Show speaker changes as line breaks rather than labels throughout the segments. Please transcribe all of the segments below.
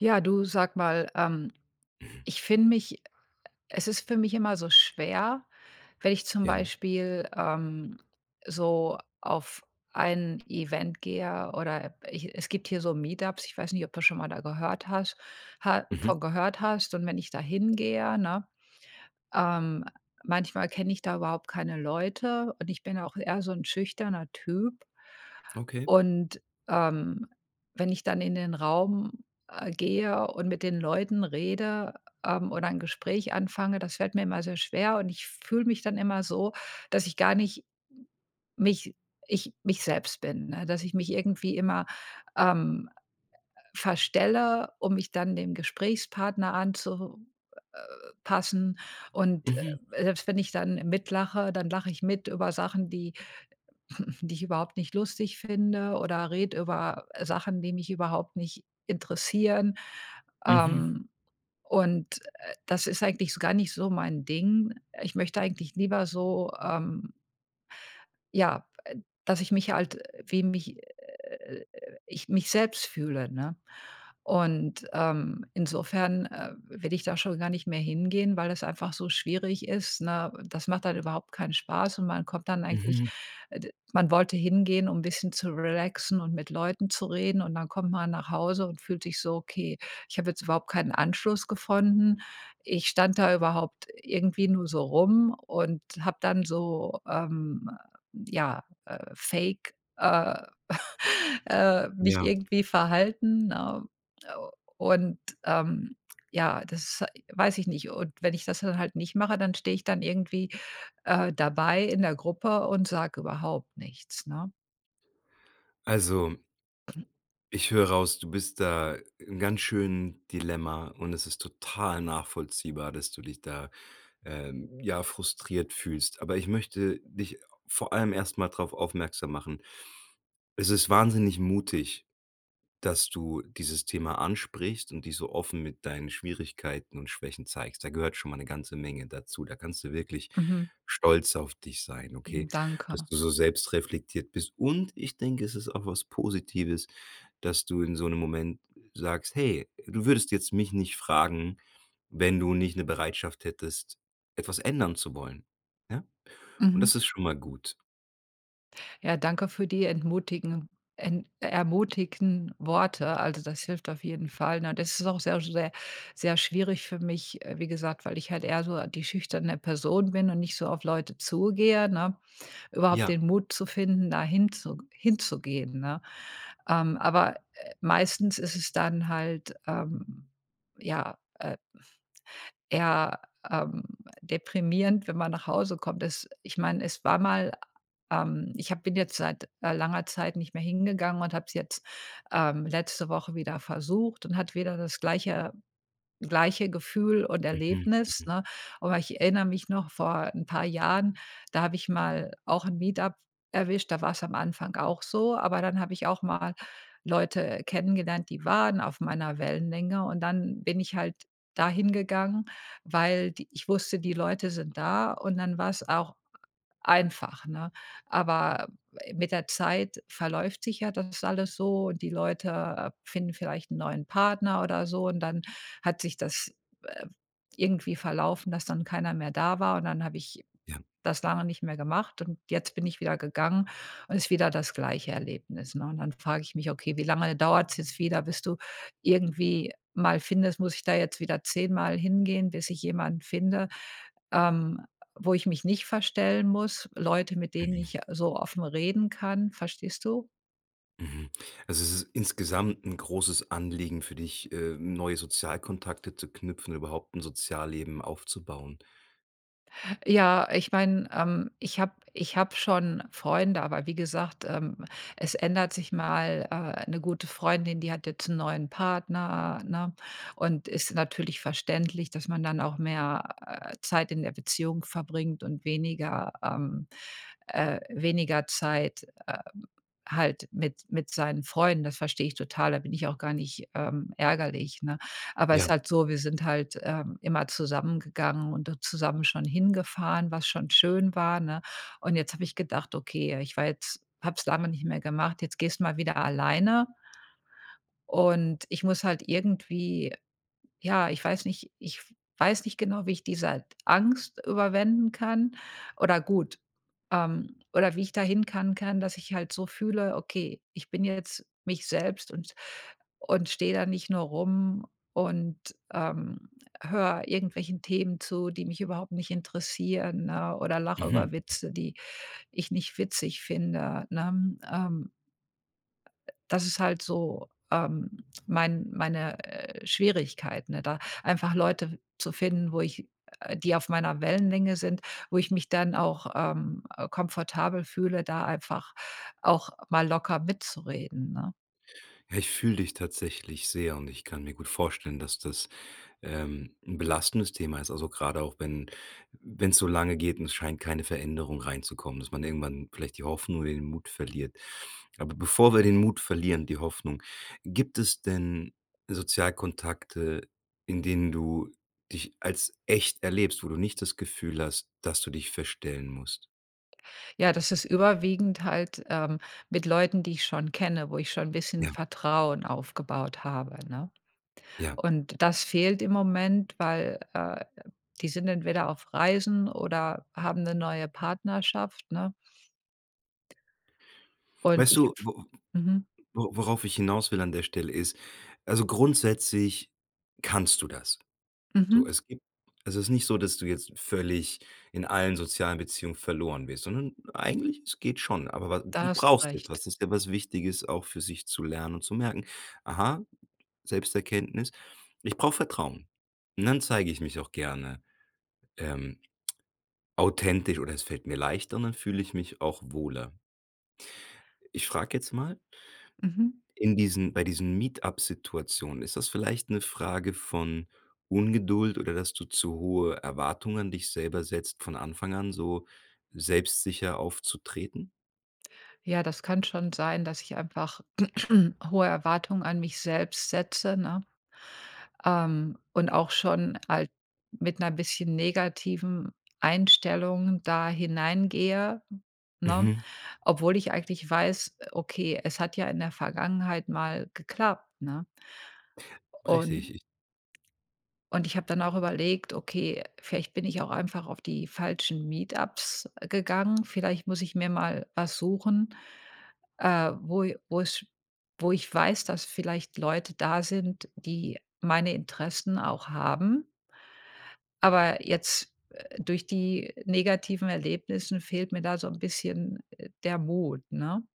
Ja, du sag mal, ähm, ich finde mich, äh äh es ist für mich immer so schwer, wenn ich zum
Ja.
Beispiel, ähm, so auf ein Event gehe oder, äh, ich es gibt hier so Meetups, ich weiß nicht, ob das schon mal da gehört hast, ha
Mhm.
von gehört hast und wenn ich da hingehe, ne, ähm, manchmal kenne ich da überhaupt keine Leute und ich bin auch eher so ‘n schüchterner Typ
Okay.
und, ähm, wenn ich dann in den Raum, äh, gehe und mit den Leuten rede, ähm, oder ein Gespräch anfange, das fällt mir immer sehr schwer und ich fühle mich dann immer so, dass ich gar nicht m mich ich mich selbst bin, ne? Dass ich mich irgendwie immer, ähm, äh, verstelle, um mich dann dem Gesprächspartner anzu äh äh, passen und,
Mhm.
äh, selbst wenn ich dann mit lache, dann lache ich mit über Sachen, die die ich überhaupt nicht lustig finde oder rede über, äh, Sachen, die mich überhaupt nicht interessieren.
Mhm.
Ähm, und, äh, das ist eigentlich so gar nicht so mein Ding. Ich möchte eigentlich lieber so, ähm ja, äh dass ich mich halt, äh wem mich ich, äh äh äh äh ich mich selbst fühle, ne? Und, ähm, insofern, äh, will ich da schon gar nicht mehr hingehen, weil das einfach so schwierig ist, ne? Das macht dann überhaupt keinen Spaß und man kommt dann eigentlich,
Mhm.
äh, d man wollte hingehen, um bisschen zu relaxen und mit Leuten zu reden und dann kommt man nach Hause und fühlt sich so: „Okay, ich habe jetzt überhaupt keinen Anschluss gefunden.“ Ich stand da überhaupt irgendwie nur so rum und habe dann so, ähm, äh, ja, äh, fake, äh, äh mich
Ja.
irgendwie verhalten, ne, äh, und, ähm, ja, das weiß ich nicht. Und, wenn ich das dann halt nicht mache, dann stehe ich dann irgendwie, äh, dabei in der Gruppe und sage überhaupt nichts, ne?
Also ich höre raus, du bist da im ganz schönen Dilemma und es ist total nachvollziehbar, dass du dich da, ähm, ja, frustriert fühlst. Aber, ich möchte dich vor allem erst mal drauf aufmerksam machen, es ist wahnsinnig mutig, dass du dieses Thema ansprichst und dich so offen mit deinen Schwierigkeiten und Schwächen zeigst. Da gehört schon mal ‘ne ganze Menge dazu. Da kannst du wirklich
Mhm.
stolz auf dich sein,
Hm,
okay? Dass
danke.
du so selbst reflektiert bist und ich denke, es ist auch was Positives, dass du in so 'nem Moment sagst: „Hey“ du würdest jetzt mich nicht fragen, wenn du nicht ‘ne Bereitschaft hättest, etwas ändern zu wollen, ja? Und
Mhm.
das ist schon mal gut.
Ja, danke für die entmutigen en ermutigen Worte. Also, das hilft auf jeden Fall, ne, das ist auch sehr, sehr, sehr schwierig für mich, äh, wie gesagt, weil ich halt eher so die schüchterne Person bin und nicht so auf Leute zugehe, ne? Überhaupt
Ja.
den Mut zu finden, da hinzu hinzugehen, ne? Ähm, aber, äh, meistens ist es dann halt, ähm, ja, äh, eher, ähm, deprimierend, wenn man nach Hause kommt. Es ich meine, es war mal, ähm ich habe bin jetzt seit, äh, langer Zeit nicht mehr hingegangen und habe es jetzt, ähm, letzte Woche wieder versucht und hatte wieder das gleiche gleiche Gefühl und
Mhm,
Erlebnis,
mhm.
ne, aber ich erinnere mich noch, vor 'n paar Jahren, da habe ich mal auch 'n Meet-Up erwischt, da war‘s am Anfang auch so, aber dann habe ich auch mal Leute kennengelernt, die waren auf meiner Wellenlänge und dann bin ich halt da hingegangen, weil die ich wusste, die Leute sind da und dann war‘s auch einfach, ne, aber, äh, mit der Zeit verläuft sich ja das alles so und die Leute finden vielleicht 'n neuen Partner oder so und dann hat sich das, äh, irgendwie verlaufen, dass dann keiner mehr da war und dann habe ich
Ja.
das lange nicht mehr gemacht und jetzt bin ich wieder gegangen und ist wieder das gleiche Erlebnis, ne? Und, dann frage ich mich: „Okay, wie lange dauert es jetzt wieder, bis du irgendwie mal findest muss ich da jetzt wieder zehnmal hingehen, bis ich jemanden finde, ähm, wo ich mich nicht verstellen muss? Leute, mit denen
Mhm.
ich so offen reden kann?“ Verstehst du?
Mhm. Also, es ist insgesamt 'n großes Anliegen für dich, äh, neue Sozialkontakte zu knüpfen, überhaupt 'n Sozialleben aufzubauen.
Ja, ich meine, ähm, ich habe ich habe schon Freunde, aber wie gesagt, ähm, es ändert sich mal, äh, 'ne gute Freundin, die hat jetzt 'n neuen Partner, ne? Und ist natürlich verständlich, dass man dann auch mehr, äh, Zeit in der Beziehung verbringt und weniger, ähm, äh weniger Zeit, äh, halt mit mit seinen Freunden. Das verstehe ich total. Da bin ich auch gar nicht, ähm, ärgerlich, ne? Aber ist
Ja.
halt so, wir sind halt, ähm, immer zusammen gegangen und zusammen schon hingefahren, was schon schön war, ne? Und jetzt habe ich gedacht: „Okay, äh, ich war jetzt habe es [unintelligible] nicht mehr gemacht, jetzt gehst du mal wieder alleine.“ Und ich muss halt irgendwie ja, ich weiß nicht ich weiß nicht genau, wie ich diese Angst überwinden kann oder gut ähm, oder wie ich da hin kann kann, dass ich halt so fühle: „Okay, ich bin jetzt mich selbst und und stehe da nicht nur rum und, ähm, höre irgendwelchen Themen zu, die mich überhaupt nicht interessieren, ne? Oder lache
Mhm.
über Witze, die ich nicht witzig finde“, ne? Ähm Äh, das ist halt so, ähm, mein meine, äh, Schwierigkeiten, ne, da einfach Leute zu finden, wo ich, äh die auf meiner Wellenlänge sind, wo ich mich dann auch, ähm, äh, komfortabel fühle, da einfach auch mal locker mitzureden, ne?
Ja, ich fühle dich tatsächlich sehr und ich kann mir gut vorstellen, dass das, ähm, 'n belastendes Thema ist. Also, grade auch, wenn wenn es so lange geht und es scheint keine Veränderung reinzukommen, dass man irgendwann vielleicht die Hoffnung oder den Mut verliert. Aber bevor wir den Mut verlieren, die Hoffnung, gibt es denn Sozialkontakte, in denen du dich als echt erlebst, wo du nicht das Gefühl hast, dass du dich verstellen musst?
Ja, das ist überwiegend halt, ähm, mit Leuten, die ich schon kenne, wo ich schon 'n bisschen
Ja.
Vertrauen aufgebaut habe, ne?
Ja.
Und das fehlt im Moment, weil, äh, die sind entweder auf Reisen oder haben 'ne neue Partnerschaft, ne? Und
Weißt
i
du, w w
mhm.
wo worauf ich hinaus will an der Stelle ist, also, grundsätzlich kannst du das. So,
Mhm.
es gibt es ist nicht so, dass du jetzt völlig in allen sozialen Beziehungen verloren bist, sondern eigentlich, es geht schon, aber wa
Da
du
hast du
brauchst
Recht.
etwas, es ist etwas Wichtiges auch für sich zu lernen und zu merken: „Aha, Selbsterkenntnis, ich brauche Vertrauen. Und dann zeige ich mich auch gerne, ähm, authentisch oder es fällt mir leichter und dann fühle ich mich auch wohler.“ Ich frage jetzt mal
Mhm.
in diesen bei diesen Meet-Up-Situationen, ist das vielleicht 'ne Frage von Ungeduld oder, dass du zu hohe Erwartung an dich selber setzt, von Anfang an so selbstsicher aufzutreten?
Ja, das kann schon sein, dass ich einfach hohe Erwartungen an mich selbst setze, ne? Ähm, und auch schon halt mit ‘ner bisschen negativen Einstellung da hineingehe, ne?
Mhm.
Obwohl ich eigentlich weiß, äh: „Okay, es hat ja in der Vergangenheit mal geklappt“, ne?
Richtig,
Un
ich
und ich habe dann auch überlegt: „Okay, vielleicht bin ich auch einfach auf die falschen Meet-Ups gegangen. Vielleicht muss ich mir mal was suchen, äh, wo wo‘s wo ich weiß, dass vielleicht Leute da sind, die meine Interessen auch haben.“ Aber jetzt, äh, durch die negativen Erlebnissen fehlt mir da so ‘n bisschen, äh, der Mut, ne?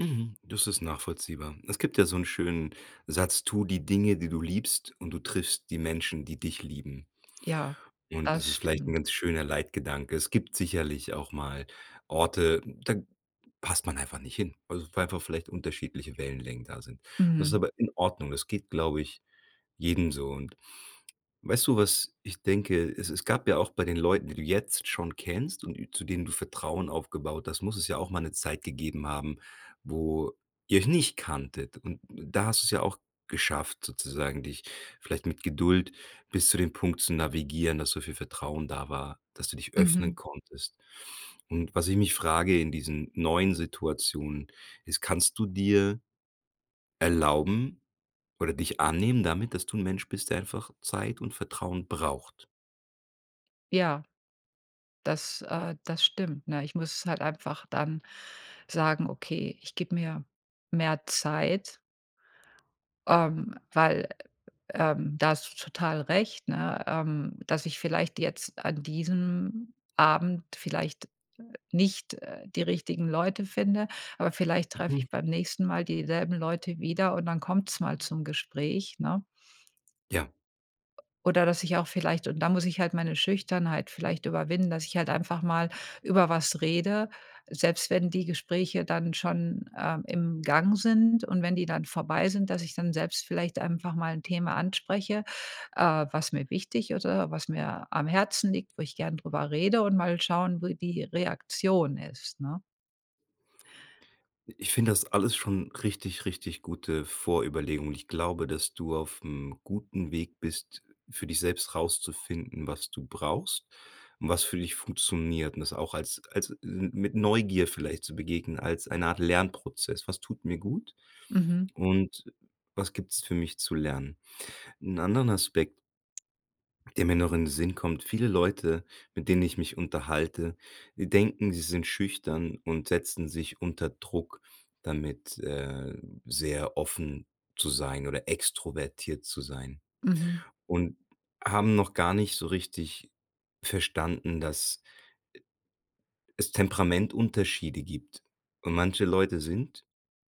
Mhm, das ist nachvollziehbar. Es gibt ja so ‘n schönen Satz: „Tu die Dinge, die du liebst und du triffst die Menschen, die dich lieben.“
Ja,
Und,
das
das ist vielleicht ‘n
stimmt.
ganz schöner Leitgedanke. Es gibt sicherlich auch mal Orte, da passt man einfach nicht hin, weil einfach vielleicht unterschiedliche Wellenlängen da sind und das ist
Mhm.
aber in Ordnung. Das geht, glaube ich, jedem so. Und, weißt du, was ich denke, es es gab ja auch bei den Leuten, die du jetzt schon kennst und zu denen du Vertrauen aufgebaut hast muss es ja auch mal ‘ne Zeit gegeben haben, wo ihr nicht kanntet und da hast du‘s ja auch geschafft sozusagen, dich vielleicht mit Geduld bis zu dem Punkt zu navigieren, dass so viel Vertrauen da war, dass du dich öffnen
Mhm.
konntest. Und, was ich mich frage, in diesen neuen Situationen, ist, kannst du dir erlauben oder dich annehmen damit, dass du ‘n Mensch bist, der einfach Zeit und Vertrauen braucht?
Ja. Das, äh, das stimmt, ne? Ich muss halt einfach dann sagen: „Okay, ich gebe mir mehr Zeit" ähm, weil, ähm da hast du total recht, ne, ähm, dass ich vielleicht jetzt an diesem Abend vielleicht, äh, nicht, äh, die richtigen Leute finde, aber vielleicht treffe
Mhm.
ich beim nächsten Mal dieselben Leute wieder und dann kommt es mal zum Gespräch, ne?
Ja.
Oder dass ich auch vielleicht und da muss ich halt meine Schüchternheit vielleicht überwinden, dass ich halt einfach mal über was rede. Selbst wenn die Gespräche dann schon, ähm, im Gang sind und wenn die dann vorbei sind, dass ich dann selbst vielleicht einfach mal 'n Thema anspreche, äh, was mir wichtig ist oder was mir am Herzen liegt, wo ich gerne drüber rede und mal schauen, wie die Reaktion ist, ne?
Ich finde das alles schon richtig, richtig gute Vorüberlegungen. Ich glaube, dass du aufm guten Weg bist, für dich selbst rauszufinden, was du brauchst und was für dich funktioniert. Und das auch als als m mit Neugier vielleicht zu begegnen, als eine Art Lernprozess. Was tut mir gut
Mhm.
und was gibt es für mich zu lernen? 'N anderen Aspekt der mir noch in den Sinn kommt. Viele Leute, mit denen ich mich unterhalte, denken, sie sind schüchtern und setzen sich unter Druck damit, äh, sehr offen zu sein oder extrovertiert zu sein
Mhm.
und haben noch gar nicht so richtig verstanden, dass, äh, es Temperamentunterschiede gibt. Und manche Leute sind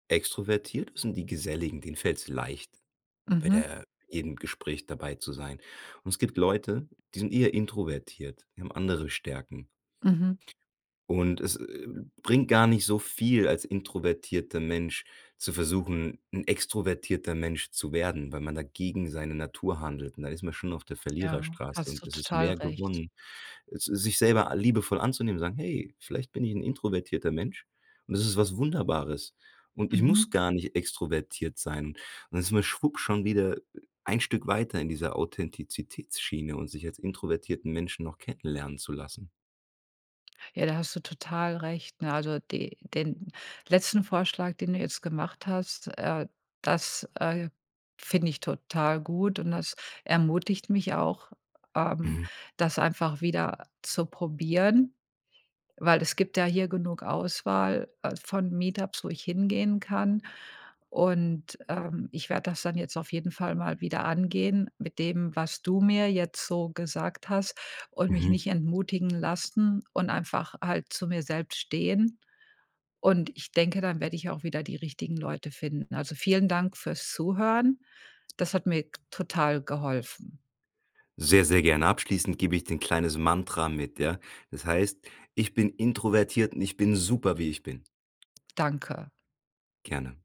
extrovertiert. Sind die geselligen, den fällt es leicht, bei
Mhm.
der jedem Gespräch dabei zu sein. Und es gibt Leute, die sind eher introvertiert, die haben andere Stärken
Mhm.
und es, äh, bringt gar nicht so viel als introvertierter Mensch zu versuchen, 'n extrovertierter Mensch zu werden, weil man da gegen seine Natur handelt und da ist man schon auf der
Ja,
Verliererstraße.
hast
Und
du
es ist
total
mehr
recht.
gewonnen, s sich selber liebevoll anzunehmen, zu sagen: „Hey, vielleicht bin ich 'n introvertierter Mensch und das ist was Wunderbares und ich muss
Mhm.
gar nicht extrovertiert sein.“ Und da ist man schwupp schon wieder ein Stück weiter in dieser Authentizitätsschiene und sich als introvertierten Menschen noch kennenlernen zu lassen.
Ja, da hast du total recht, ne? Also, die den letzten Vorschlag, den du jetzt gemacht hast, äh, das, äh, finde ich total gut und das ermutigt mich auch, ähm,
Mhm.
das einfach wieder zu probieren, weil es gibt ja hier genug Auswahl, äh, von Meetups, wo ich hingehen kann. Und, ähm, ich werde das dann jetzt auf jeden Fall mal wieder angehen mit dem, was du mir jetzt so gesagt hast und mich
Mhm.
nicht entmutigen lassen und einfach halt zu mir selbst stehen. Und ich denke, dann werde ich auch wieder die richtigen Leute finden. Also, vielen Dank fürs Zuhören. Das hat mir total geholfen.
Sehr, sehr gerne. Abschließend gebe ich dir 'n kleines Mantra mit, ja? Das heißt: „Ich bin introvertiert und ich bin super, wie ich bin.“
Danke.
Gerne.